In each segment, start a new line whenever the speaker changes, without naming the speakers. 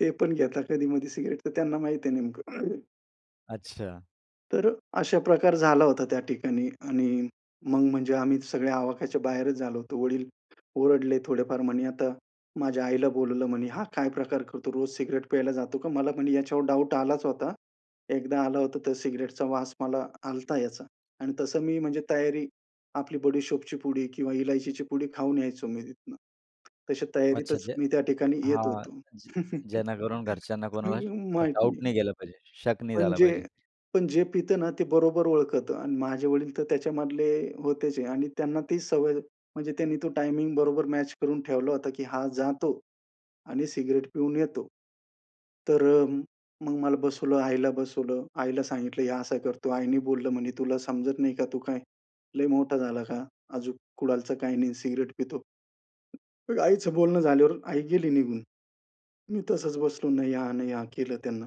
ते पण घेतात कधी-मधी सिगारेट तर त्यांना माहिती आहे नेमकं.
अच्छा.
तर अ, अशा प्रकार झाला होता त्या ठिकाणी. आणि मग म्हणजे आम्ही सगळ्या आवाकाच्या बाहेरच झालो होतो. वडील ओरडले थोडेफार म्हणे, आता माझ्या आईला बोलवलं म्हणे, "हा काय प्रकार करतो? रोज सिगारेट प्यायला जातो का? मला" म्हणे, "ह्याच्यावर डाउट आलाच होता. एकदा आला होता तर सिगारेटचा वास मला आला होता याचा." आणि तसं मी म्हणजे तयारी आपली बडी सौफची पुडी किंवा इलायचीची पुडी खाऊन यायचो मी तिथनं. तशा
अच्छा,
तयारीतच
जे
मी त्या ठिकाणी येत
हां,
होतो.
ज जेणेकरून घरच्यांना कोणाला
माहीत
डाउट
नाही.
नाही गेला पाहिजे, शक नाही
पण
झाला
जे,
पाहिजे.
पण जे पित ना, ते बरोबर ओळखत आणि माझे वडील तर त्याच्यामधले होतेच आहे आणि त्यांना ती सवय, म्हणजे त्यांनी तो टायमिंग बरोबर मॅच करून ठेवला होता की हा जातो आणि सिगारेट पिऊन येतो. तर अ, मग मला बसवलं, आईला बसवलं, आईला सांगितलं हे असा करतो. आईने बोललं म्हणे तुला समजत नाही का? तू काय लय मोठा झाला का? अजून कुठलचं काही नाही सिगारेट पितो. तर आईचं बोलणं झाल्यावर आई गेली निघून. मी तसंच बसलो. नाही हां, नाही हां, केलं त्यांना.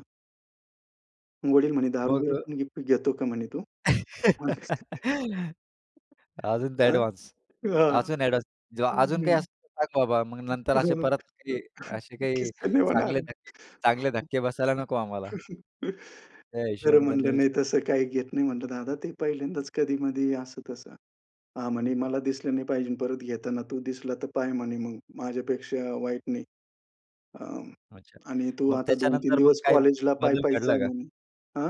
वडील म्हणे
बघ
दारू-बिरू पण घी पी घेतो का म्हणे तू? [unintelligible]
अजून ते
अ?
एडव्हान्स
हां.
अजून एडव्हान्स जेव्हा
हं,
अजून काही
हं.
असेल तर सांग बाबा. मग नंतर असे परत, की असे काही
किस्से नाही होणार.
चांगले धक्के, चांगले धक्के बसायला नको आम्हाला. त्या
तर
हिशोबाने त्यांनी
म्हणलं, नाही
विचारलं.
तसं काही घेत नाही म्हटलं दादा, ते पहिल्यांदाच कधी-मधी, असं-तसं. हां, म्हणे, "मला दिसलं नाही पाहिजे परत घेताना तू. दिसला तर पाय" म्हणे, "मग. माझ्यापेक्षा वाईट नाही." अ,
अच्छा.
आणि तू
मग
आता 2-3
त्याच्यानंतर मग
दिवस
काही
कॉलेजला
बदल
पायी-पायीच
घडला
जाय
का?
म्हणे. अ?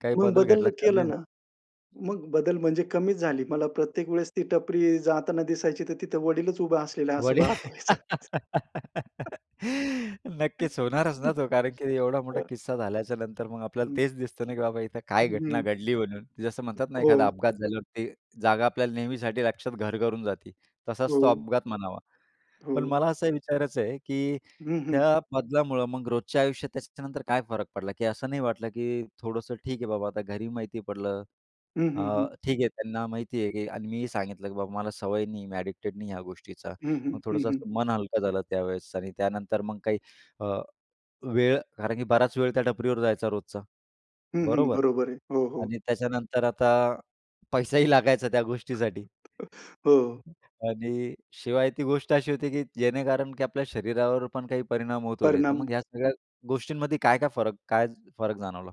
काही
मग
बदल
बदललं
घडला? कमी
केलं
झालं.
ना. मग बदल म्हणजे कमीच झाली. मला प्रत्येक वेळेस ती टपरी जाताना दिसायची, तर तिथं वडीलच उभा असलेला असं
वडील.
भास व्हायचं.
नक्कीच होणारच
हं.
ना तो, कारण की एवढा मोठा किस्सा झाल्याच्यानंतर मग आपल्याला
हं.
तेच दिसतं ना की बाबा इथं
हं,
काय घटना
हं.
घडली म्हणून. जसं म्हणतात ना, एखादा
हो.
अपघात झाल्यावर ते जागा आपल्याला नेहमीसाठी लक्षात घर करून जाती. तसाच तो
हो.
अपघात म्हणावा. पण
हो.
मला असं विचारायचं आहे, की
हं, हं.
त्या बदलामुळं मग रोजच्या आयुष्यात त्याच्यानंतर काय फरक पडला? की असं नाही वाटलं, की थोडंसं ठीक आहे बाबा, आता घरी माहिती पडलं.
हं,
अ,
हं, हं.
ठीक आहे. त्यांना माहिती आहे, की आणि मीही सांगितलं, की बाबा मला सवय नाही आहे. मी एडिक्टेड नाही ह्या गोष्टीचा.
हं, हं.
मग
हं,
थोडंसं
हं.
असं मन हलकं झालं त्यावेळेस आणि त्यानंतर मग काही अ, वेळ कारण की बराच वेळ त्या टपरीवर जायचा रोजचा,
हं, हं.
बरोबर?
बरोबर आहे. हो, हो.
आणि त्याच्यानंतर आता पैसाही लागायचा त्या गोष्टीसाठी
हो.
आणि शिवाय ती गोष्ट अशी होती, की जेणेकारण की आपल्या शरीरावर पण काही परिणाम होत होते. तर
परिणाम.
मग ह्या सगळ्या गोष्टींमध्ये काय-काय फरक, काय फरक जाणवला?